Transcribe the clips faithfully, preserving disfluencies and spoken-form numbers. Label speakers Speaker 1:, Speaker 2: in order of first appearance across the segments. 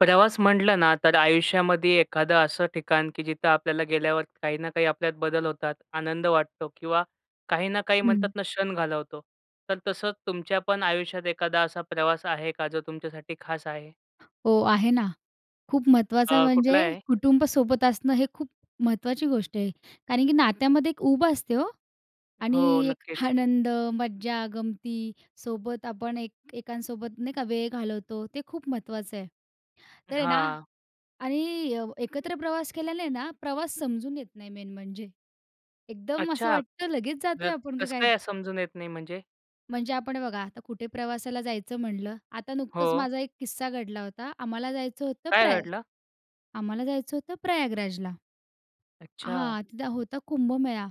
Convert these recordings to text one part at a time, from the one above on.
Speaker 1: प्रवास म्हटलं ना तर आयुष्यामध्ये एखादं असं ठिकाण, की जिथं आपल्याला गेल्यावर काही ना काही आपल्यात बदल होतात, आनंद वाटतो किंवा काही ना काही म्हणतात
Speaker 2: हं.
Speaker 1: ना क्षण घालवतो. तर तसंच तुमच्या पण आयुष्यात एखादा असा प्रवास आहे का जो तुमच्यासाठी खास आहे?
Speaker 2: हो. आहे ना. खूप महत्वाचं
Speaker 1: अ,
Speaker 2: म्हणजे
Speaker 1: कुठला आहे?
Speaker 2: कुटुंब सोबत असणं हे खूप महत्त्वाची गोष्ट आहे. कारण की नात्यामध्ये एक उब असते हो आणि
Speaker 1: हो
Speaker 2: एक
Speaker 1: नक्कीच.
Speaker 2: आनंद, मज्जा, गमती सोबत आपण एक एकांसोबत नाही का वेळ घालवतो ते खूप महत्त्वाचं आहे. तर आहे ना
Speaker 1: हां.
Speaker 2: आणि एकत्र प्रवास केल्यानी आहे ना प्रवास समजून येत नाही मेन म्हणजे. एकदम असं
Speaker 1: अच्छा!
Speaker 2: वाटतं लगेच जातोय आपण का
Speaker 1: कसं
Speaker 2: काय?
Speaker 1: काय समजून येत नाही म्हणजे?
Speaker 2: म्हणजे आपण बघा आता कुठे प्रवासाला जायचं म्हटलं. आता नुकतंच
Speaker 1: हो.
Speaker 2: माझा एक किस्सा घडला होता. आम्हाला जायचं होतं
Speaker 1: काय
Speaker 2: प्रया
Speaker 1: घडलं?
Speaker 2: आम्हाला जायचं होतं प्रयागराजला.
Speaker 1: अच्छा!
Speaker 2: हां, तिथं होता कुंभमेळा.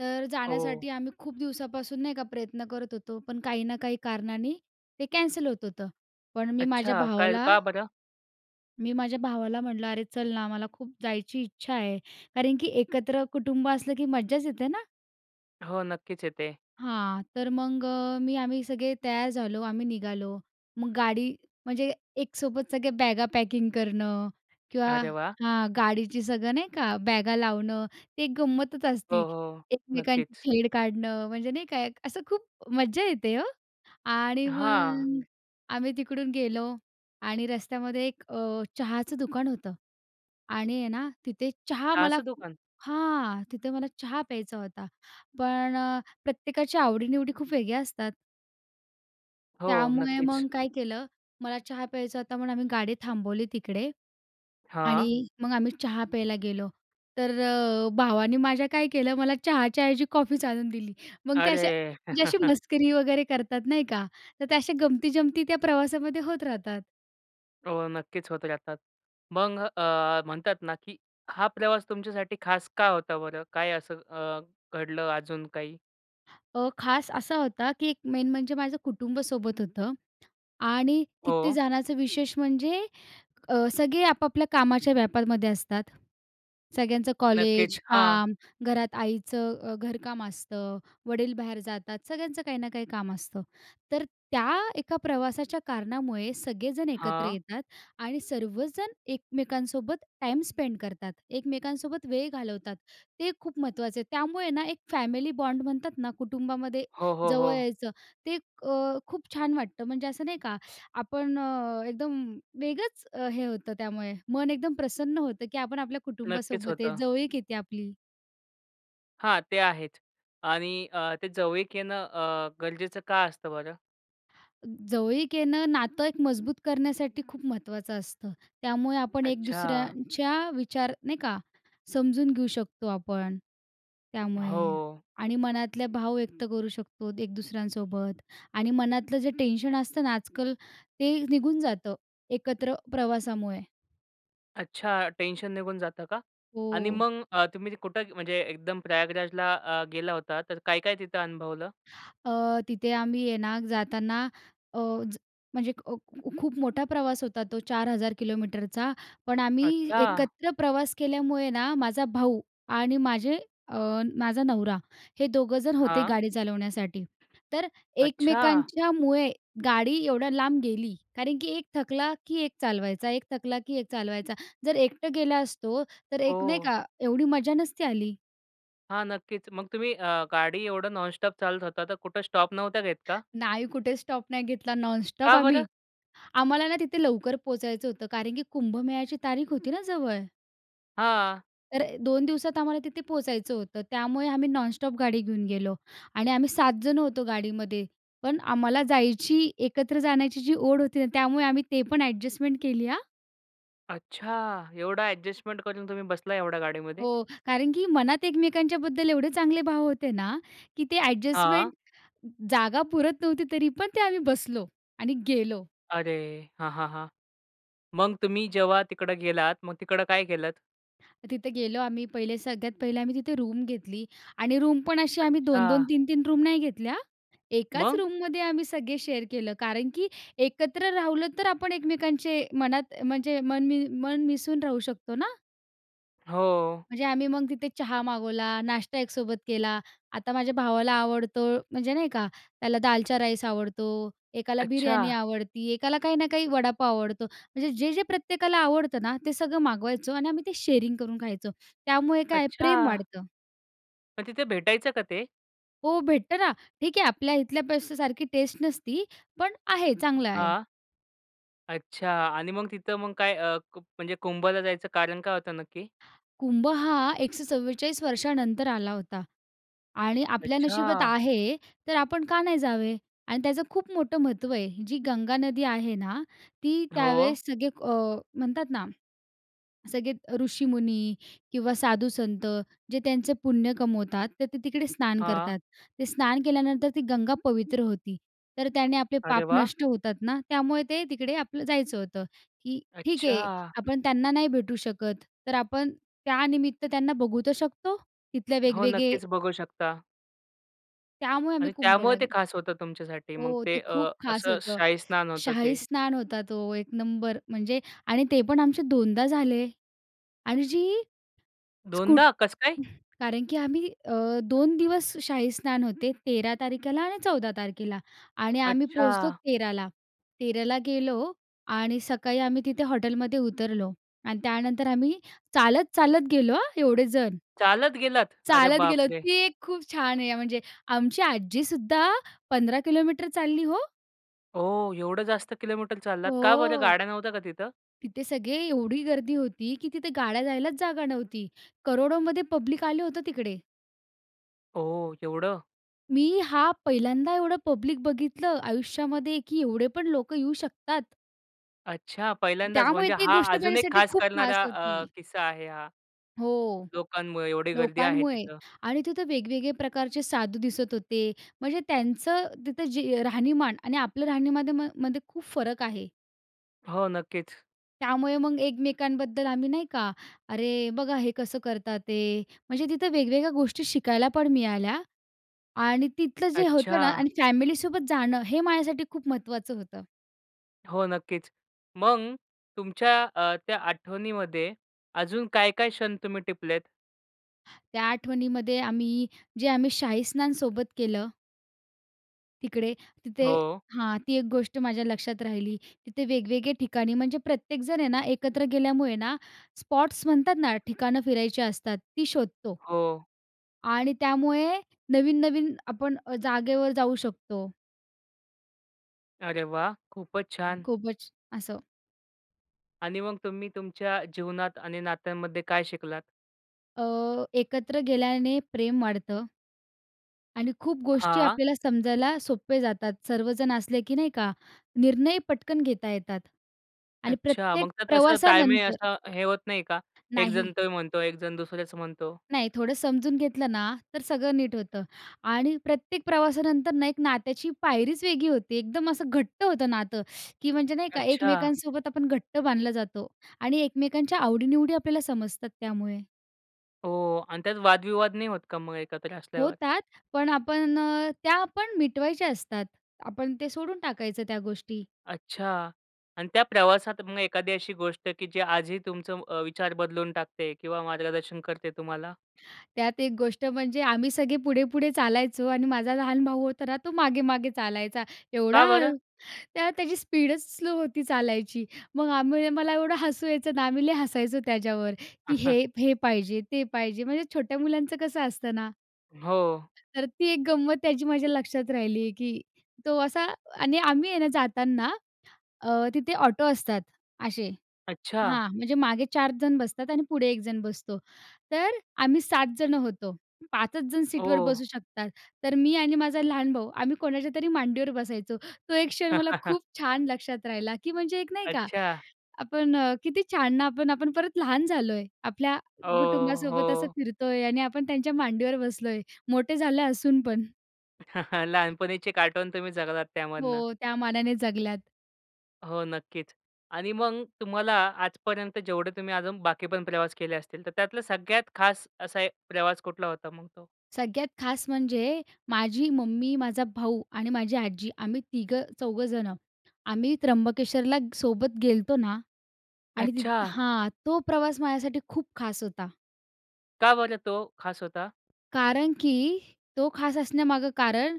Speaker 2: तर
Speaker 1: ओह.
Speaker 2: जाण्यासाठी आम्ही खूप दिवसापासून नाही का प्रयत्न करत होतो. पण काही ना काही कारणांनी ते कॅन्सल होत होतं. पण मी माझ्या
Speaker 1: अच्छा! काय
Speaker 2: भावाला
Speaker 1: का बरं?
Speaker 2: मी माझ्या भावाला म्हटलं, "अरे, चल ना, मला खूप जायची इच्छा आहे." कारण की एकत्र कुटुंब असलं की मज्जाच येते ना?
Speaker 1: हो, नक्कीच येते.
Speaker 2: हां. तर मग अ, मी, आम्ही सगळे तयार झालो, आम्ही निघालो. मग गाडी म्हणजे एकसोबत सगळे बॅगा पॅकिंग करणं किंवा
Speaker 1: अरे, वाह!
Speaker 2: हां, गाडीची सगळं नाही का, बॅगा लावणं, एक गंमतच
Speaker 1: हो,
Speaker 2: असते.
Speaker 1: हो, हो.
Speaker 2: एकमेकांची
Speaker 1: नक्कीच.
Speaker 2: छेड काढणं म्हणजे नाही का, असं खूप मज्जा येते ओ. आणि
Speaker 1: हां.
Speaker 2: मग आम्ही तिकडून गेलो आणि रस्त्यामध्ये एक अ, चहाचं दुकान होतं आणि आहे ना, तिथे चहा मला
Speaker 1: चहाचं दुकान?
Speaker 2: हां, तिथे मला चहा प्यायचा होता. पण अ, प्रत्येकाची आवडी-निवडी खूप वेगळ्या असतात
Speaker 1: हो,
Speaker 2: त्यामुळे मग
Speaker 1: नक्कीच.
Speaker 2: काय केलं, मला चहा प्यायचा होता, म्हणून आम्ही गाडी थांबवली तिकडे.
Speaker 1: हां.
Speaker 2: आणि मग आम्ही चहा प्यायला गेलो. तर अ, भावाने माझ्या काय केलं, मला चहाच्या ऐवजी कॉफीच आणून दिली. मग ते अशा
Speaker 1: अरे!
Speaker 2: म्हणजे अशी मस्करी वगैरे करतात नाही का, तर ते अशा गमती-जमती त्या प्रवासामध्ये होत राहतात.
Speaker 1: हो, नक्कीच होत राहतात. मग अ, म्हणतात ना की हा प्रवास तुमच्यासाठी खास का होता बरं? काय असं अ, घडलं अजून काही?
Speaker 2: अ, खास असा होता की एक मेन म्हणजे माझं कुटुंबसोबत होतं आणि तिथे
Speaker 1: हो.
Speaker 2: जाण्याचं विशेष म्हणजे अ, सगळे आपापल्या कामाच्या व्यापामध्ये असतात. सगळ्यांचं कॉलेज,
Speaker 1: नक्कीच. हां.
Speaker 2: काम, घरात आईचं अ, घरकाम असतं, वडील बाहेर जातात. सगळ्यांचं काही ना काही काम असतं. तर त्या एका प्रवासाच्या कारणामुळे सगळेजण एकत्र
Speaker 1: हां.
Speaker 2: येतात आणि सर्वजण एकमेकांसोबत टाईम स्पेंड करतात. एकमेकांसोबत वेळ घालवतात. ते खूप महत्त्वाचं आहे. त्यामुळे ना एक फॅमिली बॉन्ड म्हणतात ना, कुटुंबामध्ये
Speaker 1: हो, हो,
Speaker 2: जवळ
Speaker 1: हो.
Speaker 2: यायचं, ते अ, खूप छान वाटतं, म्हणजे असं नाही का, आपण अ, एकदम अ, वेगळचं हे होतं त्यामुळे. मन एकदम प्रसन्न होतं की आपण आपल्या
Speaker 1: नक्कीच
Speaker 2: कुटुंबासोबत आहे
Speaker 1: होतं.
Speaker 2: जवळीक येते आपली.
Speaker 1: हां, ते आहेच. आणि अ, ते जवळीक येणं अ, गरजेचं का असतं बरं?
Speaker 2: अ, जवळीक येणं, नातं एक मजबूत करण्यासाठी खूप महत्त्वाचं असतं. त्यामुळे आपण एक
Speaker 1: अच्छा!
Speaker 2: दुसऱ्यांच्या विचार नाही का, समजून घेऊ शकतो आपण त्यामुळे.
Speaker 1: हो.
Speaker 2: आणि मनातले भाव व्यक्त करू शकतो एक दुसऱ्यांसोबत. आणि मनातलं जे टेन्शन असतं ना आजकाल, ते निघून जातं एकत्र प्रवासामुळे.
Speaker 1: अच्छा! टेन्शन निघून जातं का? आणि
Speaker 2: हो.
Speaker 1: मग अ, तुम्ही कुठं म्हणजे एकदम प्रयागराजला अ, गेला होता तर काय-काय तिथं अनुभवलं?
Speaker 2: अ, तिथे आम्ही आहे ना, जाताना अ, ज म्हणजे अ, ख खूप मोठा प्रवास होता तो चार हजार किलोमीटरचा. पण आम्ही
Speaker 1: अच्छा!
Speaker 2: एकत्र प्रवास केल्यामुळे ना, माझा भाऊ आणि माझे अ, माझा नवरा, हे दोघं जण होते
Speaker 1: हां.
Speaker 2: गाडी चालवण्यासाठी. तर
Speaker 1: अच्छा!
Speaker 2: एकमेकांच्यामुळे गाडी एवढ्या लांब गेली कारण की एक थकला, की एक चालवायचा, एक थकला, की एक चालवायचा. जर एकटं गेला असतो तर एक नाही
Speaker 1: हो.
Speaker 2: का एवढी मजा नसती आली.
Speaker 1: हां, नक्कीच. मग तुम्ही अ, गाडी एवढं नॉनस्टॉप चालत होता तर कुठे स्टॉप नव्हता घेत का?
Speaker 2: नाही कुठे स्टॉप नाही घेतला नॉनस्टॉप
Speaker 1: का बरं?
Speaker 2: आम्ही. आम्हाला ना, तिथे लवकर पोहचायचं होतं कारण की कुंभमेळ्याची तारीख होती ना जवळ.
Speaker 1: हां.
Speaker 2: तर दोन दिवसात आम्हाला तिथे पोहोचायचं होतं. त्यामुळे आम्ही नॉनस्टॉप गाडी घेऊन गेलो आणि आम्ही सात जण होतो गाडीमध्ये. पण आम्हाला जायची, एकत्र जाण्याची जी ओढ होती ना, त्यामुळे आम्ही ते पण ॲडजस्टमेंट केली हा.
Speaker 1: अच्छा! एवढं ॲडजस्टमेंट करून तुम्ही बसला एवढ्या गाडीमध्ये?
Speaker 2: हो, कारण की मनात एकमेकांच्या बद्दल एवढे चांगले भाव होते ना, की ते
Speaker 1: हां.
Speaker 2: ॲडजस्टमेंट जागा पुरत नव्हती तरी पण ते आम्ही बसलो आणि गेलो.
Speaker 1: अरे! हां, हां, हां. मग तुम्ही जेव्हा तिकडं गेलात, मग तिकडं काय केलंत?
Speaker 2: तिथं गेलो आम्ही पहिले सगळ्यात पहिले आम्ही तिथे रूम घेतली आणि रूमपण अशी आम्ही दोन दोन
Speaker 1: अच्छा.
Speaker 2: तीन तीन रूम नाही घेतल्या. एकाच
Speaker 1: मग?
Speaker 2: रूममध्ये आम्ही सगळे शेअर केलं. कारण की एकत्र राहिलं तर आपण एकमेकांचे मनात म्हणजे मन मी मन मिसळून राहू शकतो ना?
Speaker 1: हो.
Speaker 2: म्हणजे आम्ही मग तिथे चहा मागवला, नाष्टा एकसोबत केला. आता माझ्या भावाला आवडतो म्हणजे नाही का? त्याला दालचा राईस आवडतो, एकाला बिर्याणी
Speaker 1: अच्छा.
Speaker 2: आवडते, एकाला काही ना काही वडापाव आवडतो. म्हणजे जे-जे प्रत्येकाला आवडतं ना ते सगळं मागवायचो आणि आम्ही ते शेअरिंग करून खायचो. त्यामुळे काय आहे प्रेम
Speaker 1: अच्छा.
Speaker 2: वाढतं.
Speaker 1: पण तिथे भेटायचं का ते?
Speaker 2: हो, भेटतं ना. ठीक आहे. आपल्या इथल्या पदार्थांसारखी टेस्ट नसती, पण आहे चांगलं आहे.
Speaker 1: हां. अच्छा, आणि मग तिथं मग काय अ, म्हणजे कुंभला जायचं कारण काय होतं नक्की?
Speaker 2: कुंभ हा एकशे चव्वेचाळीस वर्षानंतर आला होता आणि आपल्या नशिबात
Speaker 1: अच्छा.
Speaker 2: आहे तर आपण का नाही जावे? आणि त्याचं खूप मोठं महत्त्व आहे. जी गंगा नदी आहे ना, ती
Speaker 1: हो.
Speaker 2: त्यावेळेस सगळे अ, म्हणतात ना, सगळे अ, ऋषीमुनी किंवा साधुसंत जे त्यांचं पुण्य कमवतात. तर ते तिकडे स्नान
Speaker 1: हां.
Speaker 2: करतात. ते स्नान केल्यानंतर ती गंगा पवित्र होती. तर त्याने आपले पाप
Speaker 1: अरे वाह!
Speaker 2: नष्ट होतात ना. त्यामुळे ते तिकडे आपलं जायचं होतं की ठीक आहे
Speaker 1: अच्छा.
Speaker 2: आपण त्यांना नाही भेटू शकत. तर आपण त्यानिमित्त त्यांना बघू तर शकतो तिथल्या
Speaker 1: हो,
Speaker 2: वेगवेगळे
Speaker 1: नक्कीच बघू शकता.
Speaker 2: त्यामुळे
Speaker 1: आणि
Speaker 2: आम्ही
Speaker 1: त्यामुळं
Speaker 2: कुंभला
Speaker 1: ते
Speaker 2: गे
Speaker 1: खास होतं तुमच्यासाठी मग
Speaker 2: हो,
Speaker 1: ते
Speaker 2: ते खूप
Speaker 1: अ,
Speaker 2: खास
Speaker 1: असं
Speaker 2: होतं.
Speaker 1: शाहीस्नान होतं ते.
Speaker 2: शाहीस्नान होतं तो, एक नंबर म्हणजे आणि ते पण आमचे दोनदा झाले आणि जी स्कूट
Speaker 1: दोनदा कस काय?
Speaker 2: कारण की आम्ही अ, दोन दिवस शाहीस्नान होते. तेरा तारखेला आणि चौदा तारखेला आणि आम्ही पोहोचलो
Speaker 1: अच्छा.
Speaker 2: तेरा ला. तेरा ला गेलो आणि सकाळी आम्ही तिथे हॉटेलमध्ये उतरलो आणि त्यानंतर आम्ही चालत, चालत गेलो हां, एवढे जण.
Speaker 1: चालत गेलात? अरे
Speaker 2: चालत गेलो
Speaker 1: बापरे!
Speaker 2: ती एक खूप छान आहे, म्हणजे आमची आजी सुद्धा पंधरा किलोमीटर चालली हो.
Speaker 1: ओह! एवढं जास्त किलोमीटर चाललात? का बरं
Speaker 2: हो.
Speaker 1: गाड्या नव्हत्या का तिथं?
Speaker 2: तिथे सगळे एवढी गर्दी होती, की तिथे गाड्या जायलाच जागा नव्हती, करोडोमध्ये पब्लिक आलं होतं तिकडे.
Speaker 1: ओह! एवढं?
Speaker 2: मी हा पहिल्यांदा एवढं पब्लिक बघितलं आयुष्यामध्ये, की एवढे पण लोकं येऊ शकतात.
Speaker 1: अच्छा! पहिल्यांदाच.
Speaker 2: त्यामुळे
Speaker 1: म्हणजे
Speaker 2: ती
Speaker 1: हा
Speaker 2: गोष्ट
Speaker 1: अजून एक
Speaker 2: माझ्यासाठी
Speaker 1: खास
Speaker 2: खूप खास
Speaker 1: करणारा अ,
Speaker 2: होती.
Speaker 1: किस्सा आहे हा.
Speaker 2: हो,
Speaker 1: लोकांमुळे एवढी गर्दी आहे
Speaker 2: लोकांमुळे
Speaker 1: तिथं.
Speaker 2: आणि तिथं वेगवेगळे प्रकारचे साधू दिसत होते. म्हणजे त्यांचं तिथं जे राहणीमान आणि आपलं राहणीमध्येमा मध्ये खूप फरक आहे.
Speaker 1: हो, नक्कीच.
Speaker 2: त्यामुळे मग एकमेकांबद्दल आम्ही नाही का, "अरे बघा हे कसं करतात ते." म्हणजे तिथं वेगवेगळ्या गोष्टी शिकायला पण मिळाल्या आणि तिथलं जे होतं ना
Speaker 1: अच्छा!
Speaker 2: अन् फॅमिलीसोबत जाणं हे माझ्यासाठी खूप महत्त्वाचं होतं.
Speaker 1: हो, नक्कीच. मग तुमच्या अ, त्या आठवणीमध्ये अजून काय-काय क्षण तुम्ही टिपलेत?
Speaker 2: त्या आठवणीमध्ये आम्ही जे आम्ही शाहीस्नान सोबत केलं तिकडे तिथे
Speaker 1: हो.
Speaker 2: हां, ती एक गोष्ट माझ्या लक्षात राहिली. तिथे वेगवेगळे ठिकाणी म्हणजे प्रत्येकजण आहे ना, एकत्र गेल्यामुळे ना स्पॉट्स म्हणतात ना, ठिकाणं फिरायची असतात ती शोधतो.
Speaker 1: हो.
Speaker 2: आणि त्यामुळे नवीन-नवीन आपण अ, जागेवर जाऊ शकतो.
Speaker 1: अरे वाह! खूपच छान.
Speaker 2: खूपच. असं.
Speaker 1: आणि मग तुम्ही तुमच्या अ, जीवनात आणि नात्यांमध्ये काय शिकलात?
Speaker 2: अ, एकत्र गेल्याने प्रेम वाढतं आणि खूप गोष्टी
Speaker 1: हां.
Speaker 2: आपल्याला समजायला सोपे जातात सर्वजण असले की नाही का, निर्णय पटकन घेता येतात आणि
Speaker 1: अच्छा.
Speaker 2: प्रत्येक
Speaker 1: मग त्यात असं ताळमेळ आहे
Speaker 2: प्रवासानंतर
Speaker 1: असा, हे होत नाही का, एकजण
Speaker 2: नाही.
Speaker 1: तो म्हणतो, एकजण दुसऱ्याचं म्हणतो.
Speaker 2: नाही, थोडं समजून घेतलं ना, तर सगळं नीट होतं आणि प्रत्येक प्रवासानंतर ना, एक नात्याची पायरीच वेगळी होती. एकदम असं घट्ट होतं नातं, की म्हणजे नाही का
Speaker 1: अच्छा.
Speaker 2: एकमेकांसोबत आपण घट्ट बांधलं जातो आणि एकमेकांच्या आवडी-निवडी आपल्याला समजतात त्यामुळे.
Speaker 1: हो आणि त्यात वादविवाद नाही होत का मग एकत्र असल्यावर?
Speaker 2: होतात पण आपण अ, त्या पण मिटवायच्या असतात. आपण ते सोडून टाकायचं त्या गोष्टी.
Speaker 1: अच्छा! आणि त्या प्रवासात मग एखादी अशी गोष्ट, की जे आजही तुमचं म अ, विचार बदलून टाकते किंवा मार्गदर्शन करते तुम्हाला?
Speaker 2: त्यात एक गोष्ट म्हणजे आम्ही सगळे पुढे-पुढे चालायचो आणि माझा लहान भाऊ होता ना, तो मागे-मागे चालायचा
Speaker 1: का
Speaker 2: एवढा
Speaker 1: बरं?
Speaker 2: हळू. त्या त्याची स्पीडच स्लो होती चालायची. मग आम्ही मला एवढं हसू यायचं ना, आम्ही लय हसायचो त्याच्यावर की हे हे पाहिजे, ते पाहिजे, म्हणजे छोट्या मुलांचं कसं असतं ना.
Speaker 1: हो.
Speaker 2: तर ती एक गंमत त्याची माझ्या लक्षात राहिली, की तो असा आणि आम्ही आहे ना जाताना, अ, तिथे ऑटो असतात असे.
Speaker 1: अच्छा!
Speaker 2: हां, म्हणजे मागे चार जण बसतात आणि पुढे एक जण बसतो. तर आम्ही सात जण होतो. पाच च जण सीटवर
Speaker 1: हो.
Speaker 2: बसू शकतात. तर, मी आणि माझा लहान भाऊ आम्ही कोणाच्यातरी मांडीवर बसायचो. तो एक क्षण मला खूप छान लक्षात राहिला, की म्हणजे एक नाही का
Speaker 1: अच्छा!
Speaker 2: आपण अ, किती छान! ना, आपण-आपण परत लहान झालोय. आपल्या
Speaker 1: ओह!
Speaker 2: कुटुंबासोबत असं
Speaker 1: हो.
Speaker 2: फिरतोय आणि आपण त्यांच्या मांडीवर बसलोय. मोठे झाले असून पण.
Speaker 1: लहानपणीचे कार्टून तुम्ही जगलात त्यामधून!
Speaker 2: हो, त्या मानाने जगल्यात.
Speaker 1: हो, नक्कीच. आणि मग तुम्हाला आजपर्यंत जेवढे तुम्ही अजून बाकी पण प्रवास केले असतील, तर त्यातलं सगळ्यात खास असा एक प्रवास कुठला होता मग तो?
Speaker 2: सगळ्यात खास म्हणजे माझी मम्मी, माझा भाऊ आणि माझी आजी आम्ही तिघं-चौघं जणं. आम्ही त्र्यंबकेश्वरला सोबत गेलो होतो ना आणि तिथ
Speaker 1: अच्छा!
Speaker 2: हां, तो प्रवास माझ्यासाठी खूप खास होता.
Speaker 1: का बरं तो खास होता?
Speaker 2: कारण की तो खास असण्यामागे कारण,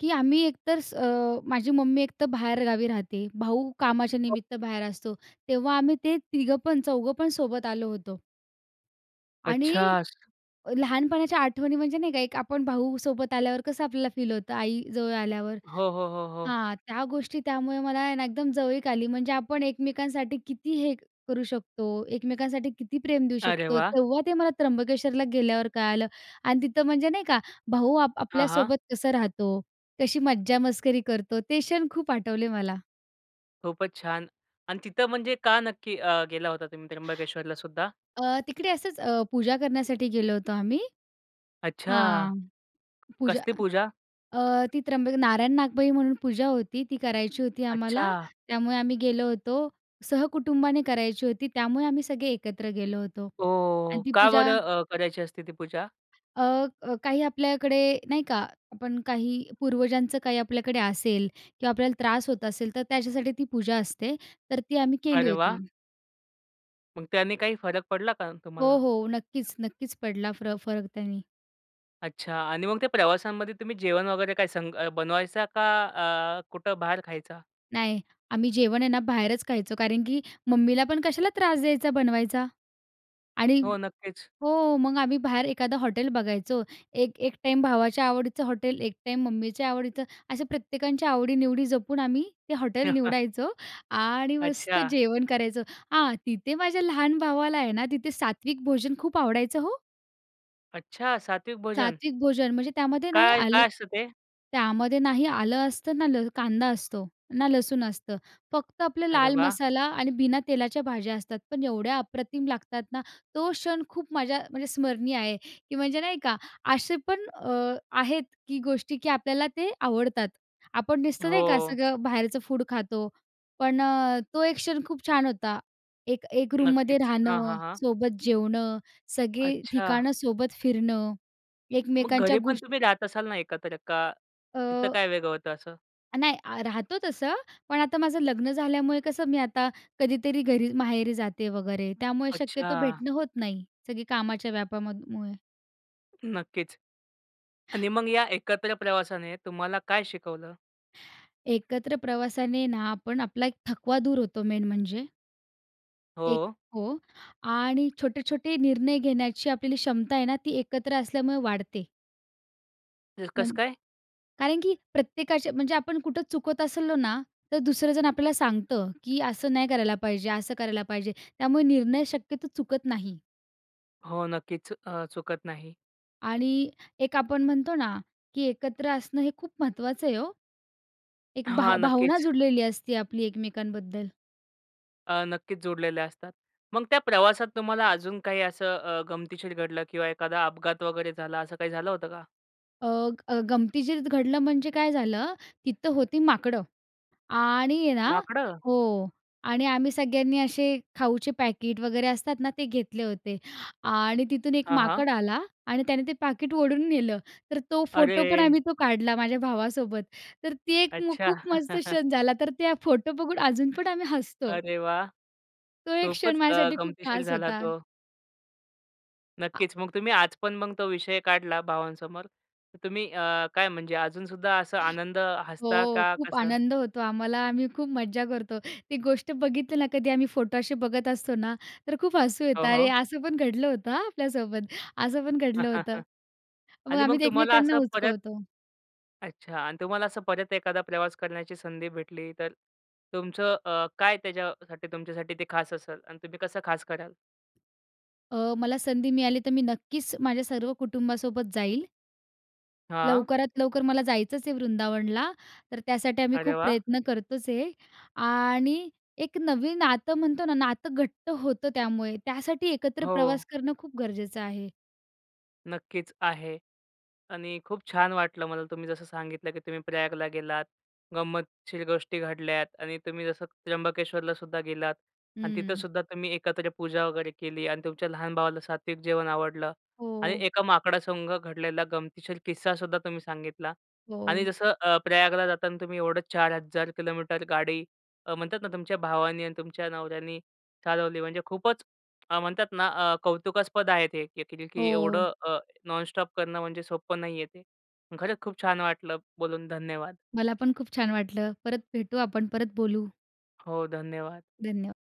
Speaker 2: की आम्ही एक तर अ, माझी मम्मी एक तर बाहेर गावी राहते, भाऊ कामाच्या निमित्त बाहेर असतो, तेव्हा आम्ही ते तिघं पण चौघं पण सोबत आलो होतो. आणि
Speaker 1: अच्छा!
Speaker 2: अ, लहानपणाच्या आठवणी म्हणजे नाही का, एक आपण भाऊ सोबत आल्यावर कसं आपल्याला फील होतं, आई जवळ आल्यावर?
Speaker 1: हो, हो, हो, हो.
Speaker 2: हां, त्या गोष्टी त्यामुळे मला आहे ना एकदम जवळीक आली. म्हणजे आपण एकमेकांसाठी किती हे करू शकतो, एकमेकांसाठी किती प्रेम देऊ
Speaker 1: अरे
Speaker 2: शकतो,
Speaker 1: वाह!
Speaker 2: तेव्हा ते मला त्र्यंबकेश्वरला गेल्यावर कळालं. आणि तिथं म्हणजे नाही का, भाऊ आप
Speaker 1: हां, हां.
Speaker 2: आपल्यासोबत कसं राहतो, कशी मज्जा-मस्करी करतो, ते क्षण खूप आठवले मला.
Speaker 1: खूपच छान! अन् तिथं म्हणजे का नक्की अ, गेला होता तुम्ही त्र्यंबकेश्वरला सुद्धा?
Speaker 2: अ, तिकडे असच अ, पूजा करण्यासाठी गेलो होतो आम्ही.
Speaker 1: अच्छा!
Speaker 2: हां, पूजा
Speaker 1: कसली पूजा?
Speaker 2: अ, ती त्र्यंबक नारायण-नागबळी म्हणून पूजा होती ती करायची होती आम्हाला,
Speaker 1: अच्छा!
Speaker 2: त्यामुळे आम्ही गेलो होतो. सहकुटुंबाने करायची होती, त्यामुळे आम्ही सगळे एकत्र गेलो होतो आणि
Speaker 1: ओह!
Speaker 2: ती
Speaker 1: का
Speaker 2: पूजा
Speaker 1: बरं अ, करायची असती ती पूजा?
Speaker 2: अ, अ, काही आपल्याकडे नाही का, आपण काही पूर्वजांचं काही आपल्याकडे असेल किंवा आपल्याला त्रास होत असेल तर त्याच्यासाठी ती पूजा असते तर ती आम्ही केली
Speaker 1: अरे वाह!
Speaker 2: होती.
Speaker 1: मग त्याने काही फरक पडला का
Speaker 2: हो,
Speaker 1: तुम्हाला?
Speaker 2: हो. नक्कीच, नक्कीच पडला फर फरक त्यानी.
Speaker 1: अच्छा आणि मग ते प्रवासांमध्ये तुम्ही जेवण वगैरे काय संग बनवायचा? का अ, अ, कुठं बाहेर खायचा?
Speaker 2: नाही, आम्ही जेवण आहे ना, बाहेरच खायचो. कारण की मम्मीला पण कशाला त्रास द्यायचा बनवायचा. आणि
Speaker 1: हो, नक्कीच.
Speaker 2: हो, मग आम्ही बाहेर एखादं हॉटेल बघायचो, एक एक टाईम भावाच्या आवडीचं हॉटेल, एक टाईम मम्मीच्या आवडीचं, असं प्रत्येकांच्या आवडी-निवडी जपून आम्ही ते हॉटेल निवडायचो आणि मस्त
Speaker 1: अच्छा!
Speaker 2: जेवण करायचो. हां, तिथे माझ्या लहान भावाला आहे ना, तिथे सात्विक भोजन खूप आवडायचं हो.
Speaker 1: अच्छा! सात्विक भोजन.
Speaker 2: सात्विक भोजन म्हणजे त्यामध्ये ना हे
Speaker 1: काय काय
Speaker 2: आलं
Speaker 1: असतं ते?
Speaker 2: त्यामध्ये ना हे आलं असतं, ना ल कांदा असतो, ना लसूण असतं, फक्त आपलं
Speaker 1: अरे
Speaker 2: लाल
Speaker 1: वाह!
Speaker 2: मसाला आणि बिना तेलाच्या भाज्या असतात. पण एवढ्या अप्रतिम लागतात ना. तो क्षण खूप माझ्या म्हणजे स्मरणीय आहे, की म्हणजे नाही का असे पण अ, आहेत की गोष्टी की आपल्याला ते आवडतात. आपण नुसतं नाही का
Speaker 1: हो.
Speaker 2: सगळं बाहेरचं फूड खातो. पण अ, तो एक क्षण खूप छान होता. एक एक रूममध्ये
Speaker 1: नक्कीच. हां,
Speaker 2: राहणं,
Speaker 1: हां, हां.
Speaker 2: सोबत जेवणं, सगळे
Speaker 1: अच्छा.
Speaker 2: ठिकाणं सोबत फिरणं.
Speaker 1: मग
Speaker 2: एकमेकांच्या
Speaker 1: घरी पण
Speaker 2: गोष्
Speaker 1: तुम्ही राहत असाल ना एकत्र, का तिथं
Speaker 2: अ
Speaker 1: काय वेगळं होतं असं?
Speaker 2: नाही, अ, राहतो तसं. पण आता माझं लग्न झाल्यामुळे कसं मी आता कधीतरी घरी माहेरी जाते वगैरे त्यामुळे शक्यतो
Speaker 1: अच्छा!
Speaker 2: भेटणं होत नाही. सगळी कामाच्या व्यापामध अ, मुळे.
Speaker 1: नक्कीच. आणि मग या एकत्र प्रवासाने तुम्हाला काय शिकवलं?
Speaker 2: एकत्र प्रवासाने ना, आपण आपला एक थकवा दूर होतो मेन म्हणजे. एक
Speaker 1: हो.
Speaker 2: हो. आणि छोटे-छोटे निर्णय घेण्याची आपली क्षमता आहे ना, ती एकत्र असल्यामुळे वाढते.
Speaker 1: अ, कसं
Speaker 2: म्हण
Speaker 1: काय?
Speaker 2: कारण की प्रत्येकाच्या म्हणजे आपण कुठे चुकतं असलो ना, तर दुसरं जण आपल्याला सांगतं की "असं नाही करायला पाहिजे, असं करायला पाहिजे." त्यामुळे निर्णय शक्यतो चुकत नाही.
Speaker 1: हो, नक्कीच. अ, चुकत नाही.
Speaker 2: आणि एक आपण म्हणतो ना, की एकत्र असणं हे खूप महत्त्वाचं आहे हो. एक
Speaker 1: हां,
Speaker 2: भाव भावना
Speaker 1: नक्कीच.
Speaker 2: जुडलेली असते आपली एकमेकांबद्दल.
Speaker 1: अ, नक्कीचं जोडलेले असतात. मग त्या प्रवासात तुम्हाला अजून काही असं अ, गमतीशीर घडलं किंवा एखादा अपघात वगैरे झाला असं काही झालं होतं का?
Speaker 2: अ, ग गमतीशीर घडलं म्हणजे काय झालं? तिथं होती माकडं आणि ना
Speaker 1: माकडं?
Speaker 2: हो, आणि आम्ही सगळ्यांनी असे खाऊचे पॅकीट वगैरे असतात ना ते घेतले होते. आणि तिथून एक
Speaker 1: हां, हां.
Speaker 2: माकड आला आणि त्याने ते पाकीट ओढून नेलं, तर तो फोटो पण
Speaker 1: अरे!
Speaker 2: आम्ही तो काढला माझ्या भावासोबत. तर ती एक मु
Speaker 1: अच्छा!
Speaker 2: खूप मस्त क्षण झाला. तर त्या फोटो बघून अजून पण आम्ही हसतो.
Speaker 1: अरे वाह!
Speaker 2: तो एक क्षण
Speaker 1: खूपचं अ,
Speaker 2: माझ्यासाठी खूप
Speaker 1: गमतीशीर
Speaker 2: खास
Speaker 1: झाला
Speaker 2: होता.
Speaker 1: तो.
Speaker 2: आ
Speaker 1: नक्कीचं. मग तुम्ही आज पण मग तो विषय काढला भावांसमोर, तर तुम्ही अ, काय म्हणजे अजूनसुद्धा असा आनंद हसता
Speaker 2: हो,
Speaker 1: का
Speaker 2: खूप
Speaker 1: कसं?
Speaker 2: आनंद होतो आम्हाला. आम्ही खूप मज्जा करतो. ती गोष्ट बघितली ना, कधी आम्ही फोटो असे बघत असतो ना, तर खूप हसू
Speaker 1: हो,
Speaker 2: येतं. अरे,
Speaker 1: हो.
Speaker 2: असं पण घडलं होतं हां आपल्यासोबत, असं पण घडलं होतं. मग
Speaker 1: आणि मग
Speaker 2: आम्ही ते
Speaker 1: तुम्हाला
Speaker 2: एकमेकांना
Speaker 1: असं परत
Speaker 2: उचकवतो.
Speaker 1: अच्छा. आणि तुम्हाला असं परत एखादा प्रवास करण्याची संधी भेटली, तर तुमचं अ, काय त्याच्यासाठी तुमच्यासाठी ते खास असलं? आणि तुम्ही कसं खास करालं?
Speaker 2: अ, मला संधी मिळाली तर मी नक्कीचं, माझ्या सर्व कुटुंबासोबत जाईल.
Speaker 1: हां.
Speaker 2: लवकरात लवकर मला जायचचं आहे वृंदावनला, तर त्यासाठी आम्ही
Speaker 1: अरे
Speaker 2: खूप
Speaker 1: वाह!
Speaker 2: प्रयत्न करतोचं आहे, आणि एक नवीन नातं म्हणतो ना, नातं घट्ट होतं त्यामुळे. त्यासाठी एकत्र प्रवास
Speaker 1: हो.
Speaker 2: करणं खूप गरजेचं आहे.
Speaker 1: नक्कीच आहे. आणि खूप छान वाटलं मला तुम्ही जसं सांगितलं की तुम्ही प्रयागला गेलात. गंमतशीर गोष्टी घडल्यात आणि तुम्ही जसं त्र्यंबकेश्वरलासुद्धा गेलात आणि
Speaker 2: हं.
Speaker 1: तिथेसुद्धा तुम्ही एकत्र पूजा वगैरे केली आणि तुमच्या लहान भावाला सात्विक जेवण आवडलं आणि
Speaker 2: हो.
Speaker 1: एका माकडासंग घडलेला गमतीशीर किस्सासुद्धा तुम्ही सांगितला. आणि
Speaker 2: हो.
Speaker 1: जसं अ, प्रयागला जाताना तुम्ही एवढं चार हजार किलोमीटर गाडी अ, म्हणतात ना, तुमच्या भावानी आणि तुमच्या नवऱ्यानी चालवली. म्हणजे खूपचं अ, म्हणतात ना, अ, कौतुकास्पद आहे ते की
Speaker 2: हो.
Speaker 1: एवढं अ, नॉनस्टॉप करणं म्हणजे सोप्पं नाही आहे ते. खरचं खूप छान वाटलं बोलून. धन्यवाद.
Speaker 2: मला पण खूप छान वाटलं. परत भेटू आपण, परत बोलू.
Speaker 1: हो, धन्यवाद.
Speaker 2: धन्य